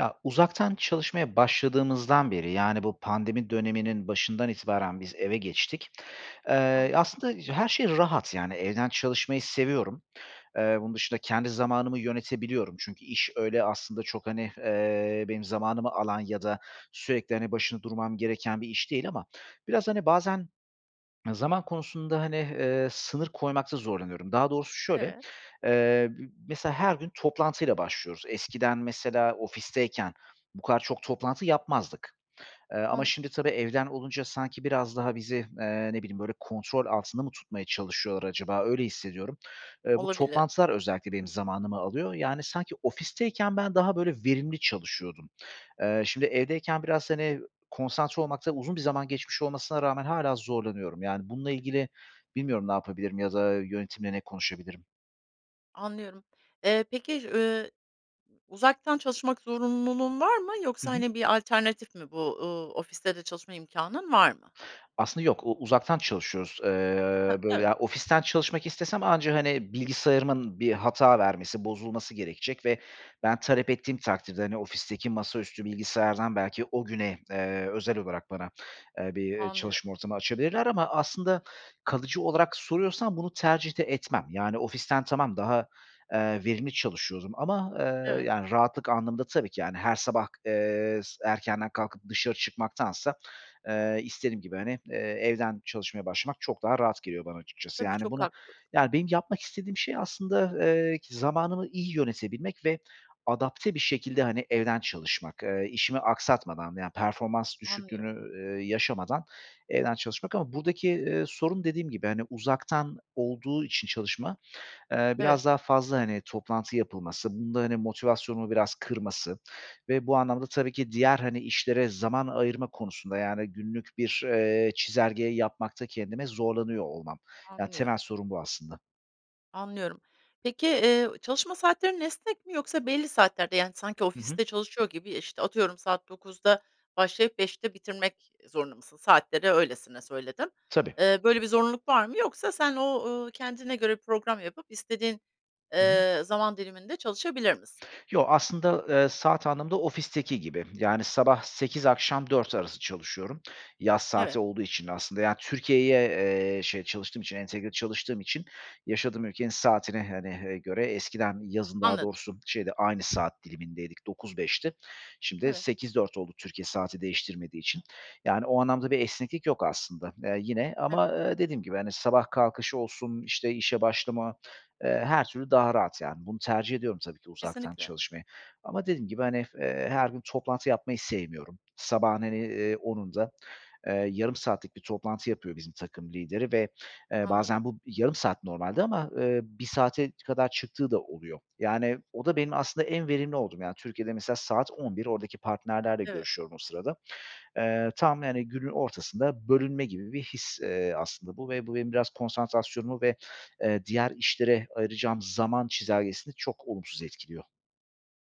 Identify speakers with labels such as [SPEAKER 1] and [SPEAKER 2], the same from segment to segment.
[SPEAKER 1] Ya, uzaktan çalışmaya başladığımızdan beri, yani, bu pandemi döneminin başından itibaren biz eve geçtik. Eee,
[SPEAKER 2] Anlıyorum.
[SPEAKER 1] aslında her şey rahat, yani, evden çalışmayı seviyorum. Eee, bunun dışında kendi zamanımı yönetebiliyorum çünkü iş öyle aslında çok, hani, eee, benim zamanımı alan ya da sürekli, hani, başında durmam gereken bir iş değil ama biraz, hani, bazen zaman konusunda, hani, eee, sınır koymakta zorlanıyorum. Daha doğrusu şöyle,
[SPEAKER 2] Evet.
[SPEAKER 1] eee, b mesela her gün toplantıyla başlıyoruz. Eskiden, mesela, ofisteyken bu kadar çok toplantı yapmazdık. Eee, ama
[SPEAKER 2] Anladım.
[SPEAKER 1] şimdi tabii evden olunca sanki biraz daha bizi, eee, ne bileyim, böyle, kontrol altında mı tutmaya çalışıyorlar acaba, öyle hissediyorum. Eee, bu
[SPEAKER 2] Olabilir.
[SPEAKER 1] toplantılar özellikle benim zamanımı alıyor, yani, sanki ofisteyken ben daha, böyle, verimli çalışıyordum. Eee, şimdi evdeyken biraz, hani, konsantre olmakta uzun bir zaman geçmiş olmasına rağmen hâlâ zorlanıyorum. Yani, bununla ilgili bilmiyorum ne yapabilirim ya da yönetimle ne konuşabilirim.
[SPEAKER 2] Anlıyorum. Eee, peki, ııı, uzaktan çalışmak zorunluluğun var mı
[SPEAKER 1] Hı
[SPEAKER 2] yoksa,
[SPEAKER 1] hı.
[SPEAKER 2] hani, bir alternatif mi bu? Iıı, ofiste de çalışma imkânın var mı?
[SPEAKER 1] Aslında yok, o uzaktan çalışıyoruz,
[SPEAKER 2] Ha,
[SPEAKER 1] eee, böyle,
[SPEAKER 2] evet.
[SPEAKER 1] ya ofisten çalışmak istesem anca, hani, bilgisayarımın bir hata vermesi, bozulması gerekecek ve ben talep ettiğim takdirde, hani, ofisteki masaüstü bilgisayardan belki o güne, eee, özel olarak bana, eee, bir, eee,
[SPEAKER 2] Anlıyorum.
[SPEAKER 1] çalışma ortamı açabilirler ama aslında kalıcı olarak soruyorsan bunu tercih de etmem. Yani, ofisten tamam, daha, eee, verimli çalışıyordum ama, eee,
[SPEAKER 2] Evet.
[SPEAKER 1] yani, rahatlık anlamında tabii ki, yani, her sabah, eee, s erkenden kalkıp dışarı çıkmaktansa, eee, istediğim gibi, hani, eee, evden çalışmaya başlamak çok daha rahat geliyor bana, açıkçası.
[SPEAKER 2] Tabii,
[SPEAKER 1] Yani,
[SPEAKER 2] çok
[SPEAKER 1] bunu,
[SPEAKER 2] haklısın.
[SPEAKER 1] yani, benim yapmak istediğim şey aslında, eee, zamanımı iyi yönetebilmek ve adapte bir şekilde, hani, evden çalışmak, eee, işimi aksatmadan, yani, performans düşüklüğünü,
[SPEAKER 2] Anlıyorum.
[SPEAKER 1] eee, yaşamadan evden çalışmak ama buradaki, eee, sorun dediğim gibi, hani, uzaktan olduğu için çalışma, eee,
[SPEAKER 2] Evet.
[SPEAKER 1] biraz daha fazla, hani, toplantı yapılması, bunun da, hani, motivasyonumu biraz kırması ve bu anlamda tabii ki diğer, hani, işlere zaman ayırma konusunda, yani, günlük bir, eee, çizelgeyi yapmakta kendime zorlanıyor olmam. Yani, temel
[SPEAKER 2] Anlıyorum.
[SPEAKER 1] sorun bu aslında.
[SPEAKER 2] Anlıyorum. Peki, eee, çalışma saatlerin esnek mi yoksa belli saatlerde yani sanki
[SPEAKER 1] Hı hı.
[SPEAKER 2] ofiste çalışıyor gibi, işte, atıyorum, saat 09.00'da başlayıp 17.00'te bitirmek zorunda mısın? Saatleri öylesine söyledim.
[SPEAKER 1] Tabii.
[SPEAKER 2] Eee, böyle bir zorunluluk var mı yoksa sen o, ııı, kendine göre program yapıp istediğin,
[SPEAKER 1] [unintelligible]
[SPEAKER 2] eee, zaman diliminde çalışabilir misin?
[SPEAKER 1] Yo, aslında, eee, saat anlamında ofisteki gibi. Yani sabah 08.00 akşam 16.00 arası çalışıyorum, yaz saati
[SPEAKER 2] Evet.
[SPEAKER 1] olduğu için aslında. Yani Türkiye’ye, eee, şey, çalıştığım için, entegre çalıştığım için yaşadığım ülkenin saatine, hani, eee, göre, eskiden yazın daha
[SPEAKER 2] Anladım.
[SPEAKER 1] doğrusu şeydi, aynı saat dilimindeydik, 9-5'ti. Şimdi
[SPEAKER 2] Evet.
[SPEAKER 1] 8-4 oldu, Türkiye saati değiştirmediği için. Yani o anlamda bir esneklik yok aslında, eee, yine ama,
[SPEAKER 2] Evet.
[SPEAKER 1] eee, dediğim gibi, hani, sabah kalkışı olsun, işte, işe başlama, eee, her türlü daha rahat, yani bunu tercih ediyorum tabii ki uzaktan
[SPEAKER 2] Kesinlikle.
[SPEAKER 1] çalışmayı. Ama dediğim gibi, hani, eee, her gün toplantı yapmayı sevmiyorum. Sabahın, hani, eee, 10.00'unda, eee, yarım saatlik bir toplantı yapıyor bizim takım lideri ve, eee,
[SPEAKER 2] Anladım.
[SPEAKER 1] bazen bu yarım saat normalde ama, eee, 1 saate kadar çıktığı da oluyor. Yani o da benim aslında en verimli olduğum, yani Türkiye’de mesela saat 11.00 oradaki partnerlerle
[SPEAKER 2] Evet.
[SPEAKER 1] görüşüyorum o sırada. Eee, tam, yani günün ortasında bölünme gibi bir his, eee, aslında bu ve bu benim biraz konsantrasyonumu ve, eee, diğer işlere ayıracağım zaman çizelgesini çok olumsuz etkiliyor.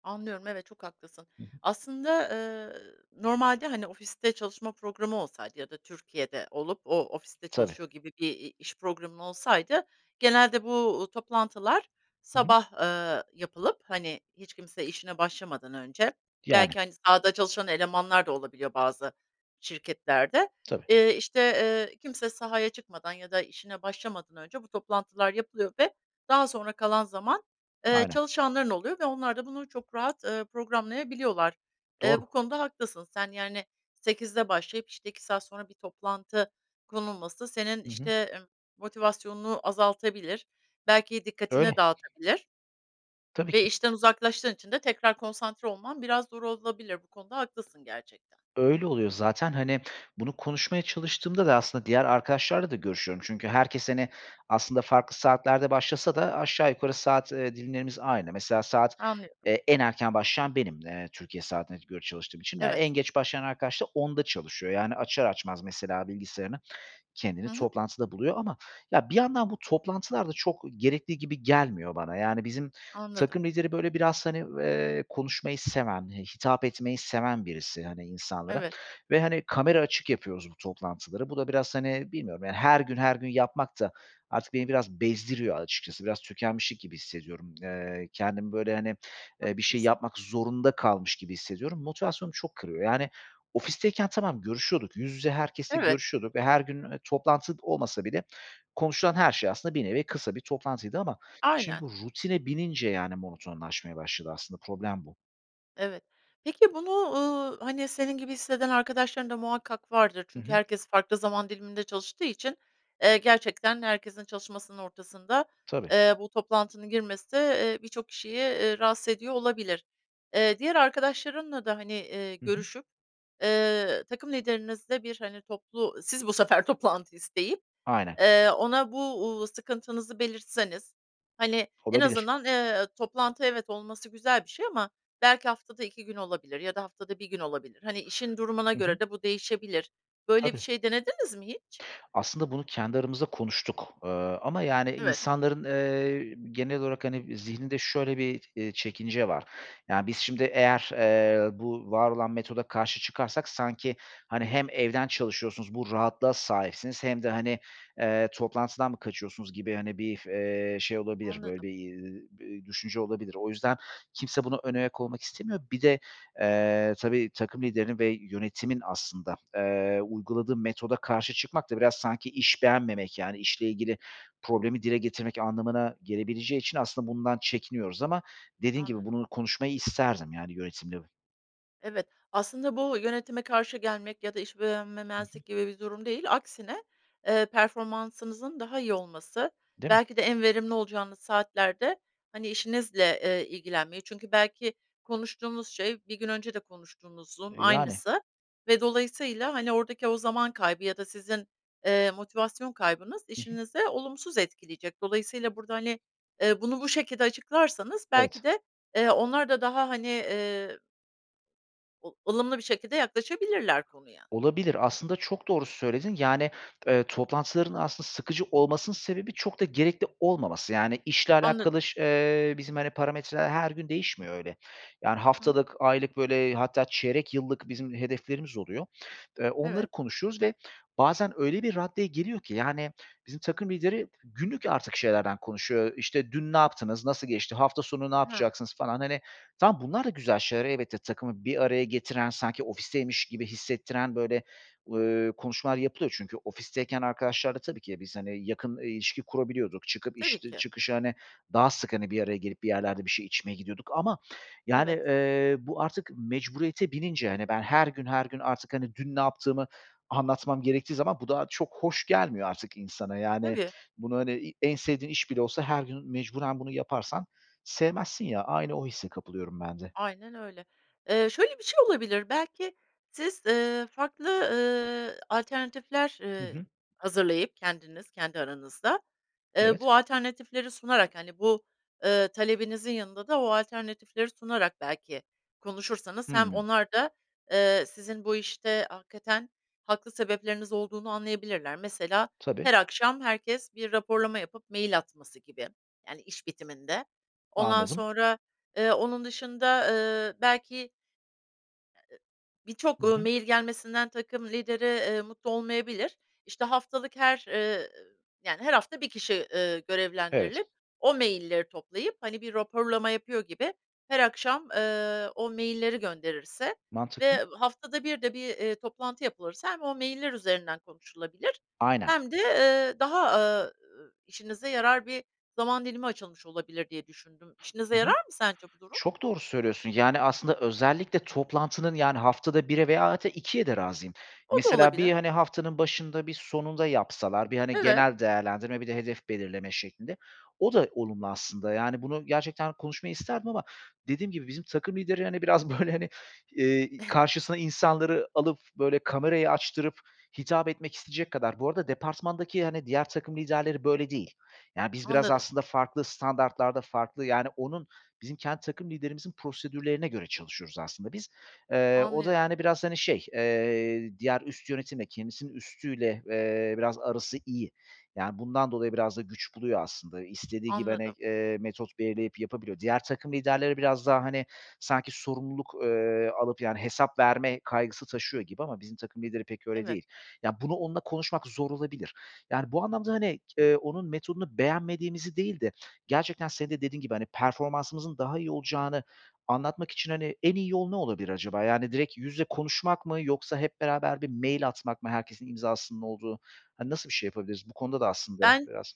[SPEAKER 2] Anlıyorum, evet, çok haklısın.
[SPEAKER 1] [unintelligible]
[SPEAKER 2] Aslında, ııı, normalde, hani, ofiste çalışma programı olsaydı ya da Türkiye’de olup o, ofiste
[SPEAKER 1] Tabii.
[SPEAKER 2] çalışıyor gibi bir, i iş programın olsaydı genelde bu, uuu, toplantılar
[SPEAKER 1] Hı hı.
[SPEAKER 2] sabah, ııı, yapılıp, hani, hiç kimse işine başlamadan önce
[SPEAKER 1] Yani.
[SPEAKER 2] belki, hani, sahada çalışan elemanlar da olabiliyor bazı şirketlerde,
[SPEAKER 1] Tabii.
[SPEAKER 2] eee, işte, eee, kimse sahaya çıkmadan ya da işine başlamadan önce bu toplantılar yapılıyor ve daha sonra kalan zaman, eee,
[SPEAKER 1] Aynen.
[SPEAKER 2] çalışanların oluyor ve onlar da bunu çok rahat, ııı, programlayabiliyorlar. Eee, bu
[SPEAKER 1] Doğru.
[SPEAKER 2] konuda haklısın sen, yani, 8'de başlayıp, işte, 2 saat sonra bir toplantı konulması senin,
[SPEAKER 1] Hı hı.
[SPEAKER 2] işte, emm, motivasyonunu azaltabilir, belki dikkatini
[SPEAKER 1] Öyle.
[SPEAKER 2] dağıtabilir
[SPEAKER 1] Tabii
[SPEAKER 2] ve
[SPEAKER 1] ki.
[SPEAKER 2] işten uzaklaştığın için de tekrar konsantre olman biraz zor olabilir bu konuda haklısın, gerçekten.
[SPEAKER 1] Öyle oluyor zaten, hani, bunu konuşmaya çalıştığımda da aslında diğer arkadaşlarla da görüşüyorum çünkü herkes, hani, aslında farklı saatlerde başlasa da aşağı yukarı saat, ııı, dilimlerimiz aynı. Mesela saat,
[SPEAKER 2] Anlıyorum.
[SPEAKER 1] eee, en erken başlayan benim, eee, Türkiye saatine göre çalıştığım için. Ya, en
[SPEAKER 2] Evet.
[SPEAKER 1] geç başlayan arkadaş da 10'da çalışıyor. Yani, açar açmaz mesela bilgisayarını kendini
[SPEAKER 2] Hı hı.
[SPEAKER 1] toplantıda buluyor ama ya bir yandan bu toplantılar da çok gerekli gibi gelmiyor bana. Yani, bizim takım
[SPEAKER 2] Anladım.
[SPEAKER 1] lideri, böyle, biraz, hani, eee, konuşmayı seven, hitap etmeyi seven birisi, hani, insanlara
[SPEAKER 2] Evet.
[SPEAKER 1] ve, hani, kamera açık yapıyoruz bu toplantıları. Bu da biraz, hani, bilmiyorum, yani, her gün her gün yapmak da artık beni biraz bezdiriyor açıkçası. Biraz tükenmişlik gibi hissediyorum. Eee, kendimi, böyle, hani, eee, bir şey
[SPEAKER 2] Haklısın.
[SPEAKER 1] yapmak zorunda kalmış gibi hissediyorum. Motivasyonumu çok kırıyor, yani, ofisteyken tamam, görüşüyorduk, yüz yüze herkesle
[SPEAKER 2] Evet.
[SPEAKER 1] görüşüyorduk ve her gün, eee, toplantı olmasa bile konuşulan her şey aslında bir nevi kısa bir toplantıydı ama şimdi
[SPEAKER 2] Aynen.
[SPEAKER 1] rutine binince, yani, monotonlaşmaya başladı aslında, problem bu.
[SPEAKER 2] Evet, peki bunu, ııı, hani, senin gibi hisseden arkadaşların da muhakkak vardır,
[SPEAKER 1] Hı
[SPEAKER 2] çünkü
[SPEAKER 1] hı.
[SPEAKER 2] herkes farklı zaman diliminde çalıştığı için, eee, gerçekten herkesin çalışmasının ortasında,
[SPEAKER 1] Tabii.
[SPEAKER 2] eee, bu toplantının girmesi, eee, birçok kişiyi, eee, rahatsız ediyor olabilir. Eee, diğer arkadaşlarınla da, hani, eee,
[SPEAKER 1] Hı hı.
[SPEAKER 2] görüşüp, eee, takım liderinizle bir, hani, toplu siz bu sefer toplantı isteyip,
[SPEAKER 1] Aynen.
[SPEAKER 2] eee, ona bu, ııı, sıkıntınızı belirtseniz, hani, en
[SPEAKER 1] Olabilir.
[SPEAKER 2] azından, eee, toplantı, evet, olması güzel bir şey ama belki haftada 2 gün olabilir ya da haftada 1 gün olabilir, hani, işin durumuna
[SPEAKER 1] Hı hı.
[SPEAKER 2] göre de bu değişebilir. Böyle bir
[SPEAKER 1] Tabii.
[SPEAKER 2] şey denediniz mi hiç?
[SPEAKER 1] Aslında bunu kendi aramızda konuştuk, eee, ama yani,
[SPEAKER 2] Evet.
[SPEAKER 1] insanların, eee, genel olarak, hani, zihninde şöyle bir, eee, çekince var. Ya biz şimdi eğer, eee, bu var olan metoda karşı çıkarsak sanki, hani, hem evden çalışıyorsunuz, bu rahatlığa sahipsiniz hem de, hani, eee, toplantıdan mı kaçıyorsunuz gibi, hani, bir, eee, şey olabilir, böyle
[SPEAKER 2] Anladım.
[SPEAKER 1] bir, eee, bir düşünce olabilir. O yüzden kimse buna önayak olmak istemiyor. Bir de, eee, tabii, takım liderinin ve yönetimin aslında, eee, uyguladığı metoda karşı çıkmak da biraz sanki iş beğenmemek, yani, işle ilgili problemi dile getirmek anlamına gelebileceği için aslında bundan çekiniyoruz ama dediğin gibi
[SPEAKER 2] Anladım.
[SPEAKER 1] bunu konuşmayı isterdim, yani, yönetimle.
[SPEAKER 2] Evet, aslında bu yönetime karşı gelmek ya da iş
[SPEAKER 1] Hı hı.
[SPEAKER 2] beğenmemezlik gibi bir durum değil, aksine, eee, performansınızın daha iyi olması,
[SPEAKER 1] Değil mi?
[SPEAKER 2] belki de en verimli olacağınız saatlerde, hani, işinizle, eee, ilgilenmeyi, çünkü belki konuştuğunuz şey bir gün önce konuştuğunuzun
[SPEAKER 1] E, yani.
[SPEAKER 2] aynısı ve dolayısıyla, hani, oradaki o zaman kaybı ya da sizin, eee, motivasyon kaybınız
[SPEAKER 1] Hı hı.
[SPEAKER 2] işinizi olumsuz etkileyecek. Dolayısıyla burada, hani, eee, bunu bu şekilde açıklarsanız belki
[SPEAKER 1] Evet.
[SPEAKER 2] de, eee, onlar da daha, hani, eee o ılımlı bir şekilde yaklaşabilirler konuya.
[SPEAKER 1] Olabilir aslında, çok doğru söyledin, yani, eee, toplantıların aslında sıkıcı olmasının sebebi çok da gerekli olmaması, yani, işle
[SPEAKER 2] Anladım.
[SPEAKER 1] alakalı ş eee, bizim, hani, parametreler her gün değişmiyor öyle. Yani,
[SPEAKER 2] Hı hı.
[SPEAKER 1] haftalık, aylık, böyle, hatta çeyrek yıllık bizim hedeflerimiz oluyor. Eee, onları
[SPEAKER 2] Evet.
[SPEAKER 1] konuşuyoruz ve bazen öyle bir raddeye geliyor ki, yani, bizim takım lideri günlük artık şeylerden konuşuyor. Eee, işte dün ne yaptınız, nasıl geçti, hafta sonu ne
[SPEAKER 2] Hıı.
[SPEAKER 1] yapacaksınız falan, hani, tamam, bunlar da güzel şeyler, elbette takımı bir araya getiren, sanki ofisteymiş gibi hissettiren, böyle, ııı, konuşmalar yapılıyor çünkü ofisteyken arkadaşlarla tabii ki de biz, hani, yakın, ııı, ilişki kurabiliyorduk, çıkıp
[SPEAKER 2] Tabii
[SPEAKER 1] iş dı
[SPEAKER 2] ki.
[SPEAKER 1] çıkışı, hani, daha sık, hani, bir araya gelip bir yerlerde bir şey içmeye gidiyorduk ama, yani,
[SPEAKER 2] Evet.
[SPEAKER 1] eee, bu artık mecburiyete binince, hani, ben her gün her gün artık, hani, dün ne yaptığımı anlatmam gerektiği zaman bu da çok hoş gelmiyor artık insana. Yani,
[SPEAKER 2] Tabii.
[SPEAKER 1] bunu, hani, i en sevdiğin iş bile olsa her gün mecburen bunu yaparsan sevmezsin ya, aynı o hisse kapılıyorum ben de.
[SPEAKER 2] Aynen öyle. Eee, şöyle bir şey olabilir. Belki siz, ııı, farklı, ııı, alternatifler,
[SPEAKER 1] Hı
[SPEAKER 2] ııı,
[SPEAKER 1] hı.
[SPEAKER 2] hazırlayıp kendiniz, kendi aranızda, eee,
[SPEAKER 1] Evet.
[SPEAKER 2] bu alternatifleri sunarak, hani, bu, ııı, talebinizin yanında da o alternatifleri sunarak belki konuşursanız, hem
[SPEAKER 1] Hıı.
[SPEAKER 2] onlar da, eee, sizin bu işte hakikaten haklı sebepleriniz olduğunu anlayabilirler. Mesela,
[SPEAKER 1] Tabii.
[SPEAKER 2] her akşam herkes bir raporlama yapıp mail atması gibi, yani, iş bitiminde. Ondan
[SPEAKER 1] Anladım.
[SPEAKER 2] sonra, eee, onun dışında, ııı, belki
[SPEAKER 1] Hı
[SPEAKER 2] birçok, ııı,
[SPEAKER 1] hı.
[SPEAKER 2] mail gelmesinden takım lideri, eee, mutlu olmayabilir. İşte haftalık her, ııı, yani, her hafta bir kişi, ııı,
[SPEAKER 1] Evet.
[SPEAKER 2] görevlendirilip o mailleri toplayıp, hani, bir raporlama yapıyor gibi her akşam, ııı, o mailleri gönderirse
[SPEAKER 1] Mantıklı.
[SPEAKER 2] ve haftada bir de bir, eee, toplantı yapılırsa hem o mailler üzerinden konuşulabilir
[SPEAKER 1] Aynen.
[SPEAKER 2] hem de, eee, daha, ııı, işinize yarar bir zaman dilimi açılmış olabilir diye düşündüm.
[SPEAKER 1] Hı
[SPEAKER 2] İşinize
[SPEAKER 1] hı.
[SPEAKER 2] yarar mı sence bu durum?
[SPEAKER 1] Çok doğru söylüyorsun, yani, aslında özellikle toplantının, yani, haftada 1'e veya hadi 2'ye de razıyım.
[SPEAKER 2] O da
[SPEAKER 1] Mesela bir,
[SPEAKER 2] olabilir.
[SPEAKER 1] hani, haftanın başında, bir sonunda yapsalar, bir, hani,
[SPEAKER 2] Evet.
[SPEAKER 1] genel değerlendirme, bir de hedef belirleme şeklinde, o da olumlu aslında. Yani, bunu gerçekten konuşmayı isterdim ama dediğim gibi bizim takım lideri, hani, biraz, böyle, hani, eee, karşısına insanları alıp, böyle, kamerayı açtırıp hitap etmek isteyecek kadar Bu arada departmandaki, hani, diğer takım liderleri böyle değil. Ya, biz biraz
[SPEAKER 2] Anladım.
[SPEAKER 1] aslında farklı standartlarda, farklı, yani, onun, bizim kendi takım liderimizin prosedürlerine göre çalışıyoruz aslında biz. Eee, o da,
[SPEAKER 2] Anlıyorum.
[SPEAKER 1] yani biraz, hani, şey, eee, diğer üst yönetimle, kendisinin üstüyle, eee, biraz arası iyi. Yani, bundan dolayı biraz da güç buluyor aslında, istediği gibi, hani,
[SPEAKER 2] Anladım.
[SPEAKER 1] eee, metot belirleyip yapabiliyor. Diğer takım liderleri biraz daha, hani, sanki sorumluluk, eee, alıp, yani, hesap verme kaygısı taşıyor gibi ama bizim takım lideri pek öyle
[SPEAKER 2] Evet.
[SPEAKER 1] değil. Ya, bunu onunla konuşmak zor olabilir. Yani, bu anlamda, hani, eee, onun metodunu beğenmediğimizi değil de gerçekten senin de dediğin gibi, hani, performansımızın daha iyi olacağını anlatmak için, hani, en iyi yol ne olabilir acaba? Yani, direkt yüz ile konuşmak mı yoksa hep beraber bir mail atmak mı, herkesin imzasının olduğu, hani, nasıl bir şey yapabiliriz? Bu konuda da aslında
[SPEAKER 2] Ben
[SPEAKER 1] biraz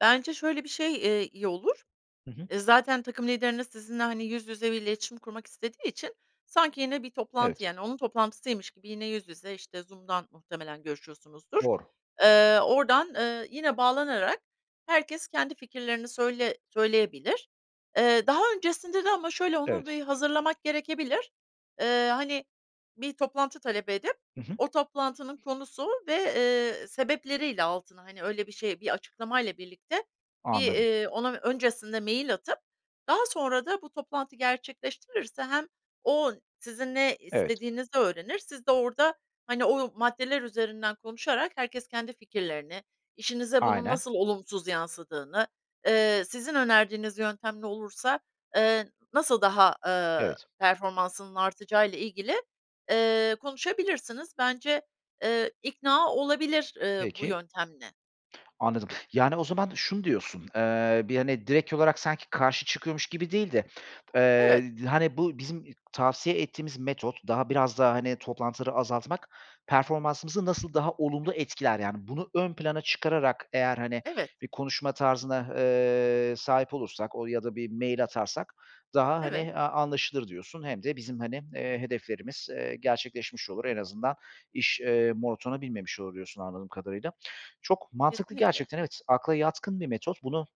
[SPEAKER 2] Bence şöyle bir şey, eee, iyi olur.
[SPEAKER 1] Hı hı.
[SPEAKER 2] Iıı, zaten takım lideriniz sizinle, hani, yüz yüze bir iletişim kurmak istediği için sanki yine bir toplantı,
[SPEAKER 1] Evet.
[SPEAKER 2] yani, onun toplantısıymış gibi yine yüz yüze, işte, Zoom’dan muhtemelen görüşüyorsunuzdur.
[SPEAKER 1] Doğru.
[SPEAKER 2] Eee, oradan, eee, yine bağlanarak herkes kendi fikirlerini söyle söyleyebilir. Eee, daha öncesinde de ama şöyle, onu
[SPEAKER 1] Evet.
[SPEAKER 2] bir hazırlamak gerekebilir. Eee, hani, bir toplantı talep edip,
[SPEAKER 1] Hı hı.
[SPEAKER 2] o toplantının konusu ve, eee, sebepleriyle altına, hani, öyle bir şey, bir açıklamayla birlikte bir,
[SPEAKER 1] Anladım.
[SPEAKER 2] eee, ona öncesinde mail atıp daha sonra da bu toplantı gerçekleştirilirse hem o sizin ne
[SPEAKER 1] Evet.
[SPEAKER 2] istediğinizi öğrenir, siz de orada, hani, o maddeler üzerinden konuşarak herkes kendi fikirlerini, işinize bunun
[SPEAKER 1] Aynen.
[SPEAKER 2] nasıl olumsuz yansıdığını, eee, sizin önerdiğiniz yöntemle olursa, eee, nasıl daha, ııı,
[SPEAKER 1] Evet.
[SPEAKER 2] performansının artacağıyla ilgili, eee, konuşabilirsiniz. Bence, eee, ikna olabilir, eee, bu
[SPEAKER 1] Peki.
[SPEAKER 2] yöntemle.
[SPEAKER 1] Anladım. Yani, o zaman şunu diyorsun, eee, bir, hani, direkt olarak sanki karşı çıkıyormuş gibi değil de, eee,
[SPEAKER 2] Evet.
[SPEAKER 1] d hani, bu bizim tavsiye ettiğimiz metot daha, biraz daha, hani, toplantıları azaltmak, performansımızı nasıl daha olumlu etkiler, yani, bunu ön plana çıkararak eğer, hani,
[SPEAKER 2] Evet.
[SPEAKER 1] bir konuşma tarzına, eee, sahip olursak o ya da bir mail atarsak daha, hani,
[SPEAKER 2] Evet.
[SPEAKER 1] eee, anlaşılır diyorsun. Hem de bizim, hani, eee, hedeflerimiz, eee, gerçekleşmiş olur, en azından iş, eee, monotona binmemiş olur diyorsun, anladığım kadarıyla. Çok mantıklı
[SPEAKER 2] Kesinlikle.
[SPEAKER 1] gerçekten, evet, akla yatkın bir metot. Bunu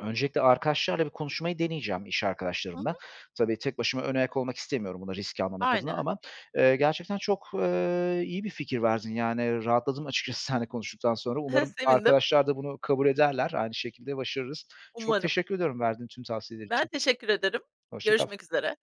[SPEAKER 1] öncelikle arkadaşlarla bir konuşmayı deneyeceğim, iş
[SPEAKER 2] Hı
[SPEAKER 1] arkadaşlarımla
[SPEAKER 2] hı.
[SPEAKER 1] tabii, tek başıma önayak olmak istemiyorum bunu risk almamak adına
[SPEAKER 2] Aynen.
[SPEAKER 1] ama, eee, gerçekten çok, eee, iyi bir fikir verdin, yani, rahatladım açıkçası seninle konuştuktan sonra. Umarım
[SPEAKER 2] Sevindim.
[SPEAKER 1] arkadaşlar da bunu kabul ederler, aynı şekilde başarırız. Çok
[SPEAKER 2] Umarım.
[SPEAKER 1] teşekkür ediyorum, verdiğin tüm tavsiyeler
[SPEAKER 2] Ben
[SPEAKER 1] için.
[SPEAKER 2] teşekkür ederim.
[SPEAKER 1] Hoşça kal.
[SPEAKER 2] Görüşmek üzere.